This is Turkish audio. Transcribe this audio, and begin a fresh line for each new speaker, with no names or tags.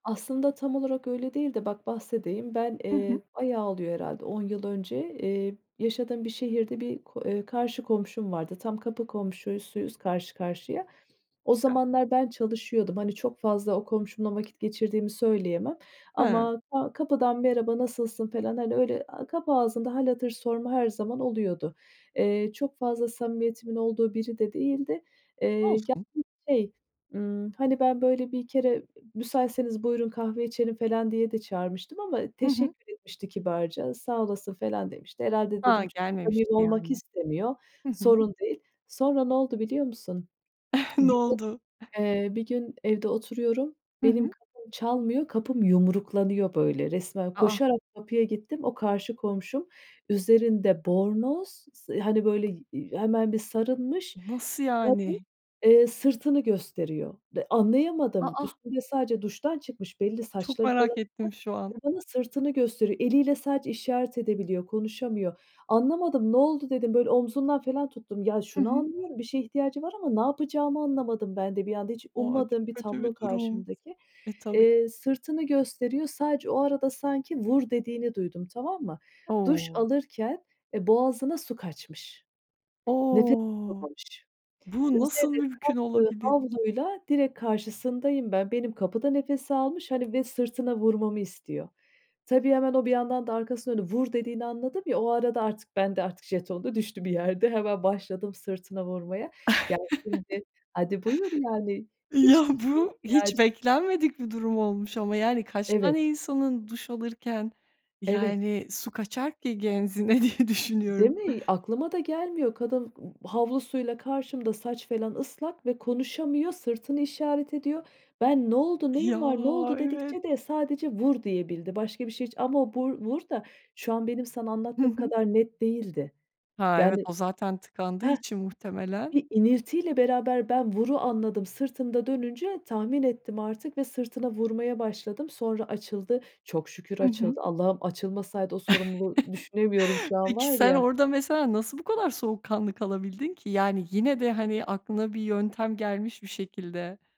Aslında tam olarak öyle değil de bak bahsedeyim. Ben,
I hı.
eee, bayağı oluyor herhâlde 10 yıl önce, eee, yaşadığım bir şehirde bir ko eee, karşı komşum vardı. Tam kapı komşusuyuz karşı karşıya. O
Güzel.
zamanlar ben çalışıyordum. Hani, çok fazla o komşumla vakit geçirdiğimi söyleyemem
Hıı.
ama ka kapıdan "Merhaba, nasılsın?" falan, hani, öyle, aaa, kapı ağzında hâl hatır sorma her zaman oluyordu. Eee, çok fazla samimiyetimin olduğu biri de değildi, eee, yani
Olsun.
şey, ımm, hani, ben böyle bir kere, e "Müsaitseniz buyurun, kahve içelim," falan diye de çağırmıştım ama
Hı hı.
teşekkür etmişti kibarca. "Sağ olasın," falan demişti. "Herhâlde," dedim,
A,
"çok
gelmemişti
samimi olmak
yani.
istemiyor,
Hı hı.
sorun değil." Sonra ne oldu biliyor musun?
Ne oldu?
[unintelligible] Eee, bir gün evde oturuyorum.
Hı
Benim
hı.
kapım çalmıyor, kapım yumruklanıyor böyle resmen,
A, a!
koşarak kapıya gittim. O karşı komşum, üzerinde bornoz, s hani, böyle, iii, hemen bir sarınmış
Nasıl
kadın,
yani?
eee, sırtını gösteriyor. De
A,
anlayamadım.
a!
Üstünde sadece duştan çıkmış, belli
Çok
saçları falan
merak ettim şu an.
ıslak ve bana sırtını gösteriyor. Eliyle sadece işaret edebiliyor, konuşamıyor. Anlamadım, "Ne oldu?" dedim. Böyle omzundan falan tuttum. Ya,
I
şunu
hı.
anlıyorum, bir şeye ihtiyacı var ama ne yapacağımı anlamadım ben de bir anda. Hiç
O! A,
ummadığım
çok
bir
kötü
tablo
bir durum!
karşımdaki.
E, tabii.
Eee, sırtını gösteriyor. Sadece o arada sanki "Vur!" dediğini duydum, tamam mı? Duş
O!
alırken, eee, boğazına su kaçmış. Nefes
O!
alamamış.
Bu nasıl
Üzerine
mümkün
kaptığı
olabilir?
havluyla direkt karşısındayım ben. Benim kapıda nefes almış hani ve sırtına vurmamı istiyor. Tabii hemen o bir yandan da arkasını dönüp "Vur!" dediğini anladım ya, o arada ben de artık jeton da düştü bir yerde. Hemen başladım sırtına vurmaya. Ya, şimdi hadi buyur yani,
Ya,
hiçbir şeye
bu hiç
ihtiyacı
beklenmedik bir durum olmuş ama yani, kaç tane
Evet.
insanın duş alırken
Evet.
yani su kaçar ki genzine, diye
Değil
düşünüyorum.
mi? Aklıma da gelmiyor. Kadın m havlusuyla karşımda saç falan ıslak ve konuşamıyor, sırtını işaret ediyor. Ben, "Ne oldu,
Ya!
neyin var, ne oldu?"
Evet.
dedikçe de sadece "Vur!" diyebildi. Başka bir şey hiç ama o bu r "vur" da şu an benim sana
Hı
anlattığım
hı.
kadar net değildi.
Ha, evet,
Yani
o zaten tıkandığı
Hah,
için muhtemelen.
bir iniltiyle beraber ben "vur"u anladım, sırtını da dönünce tahmin ettim artık ve sırtına vurmaya başladım. Sonra açıldı. Çok şükür
Hı hı.
açıldı. "Allah'ım, açılmasaydı o sorumluluğu düşünemiyorum şu an
Peki
var
sen
ya."
orada mesela nasıl bu kadar soğukkanlı kalabildin ki? Yani yine de hani, aklına bir yöntem gelmiş bir şekilde.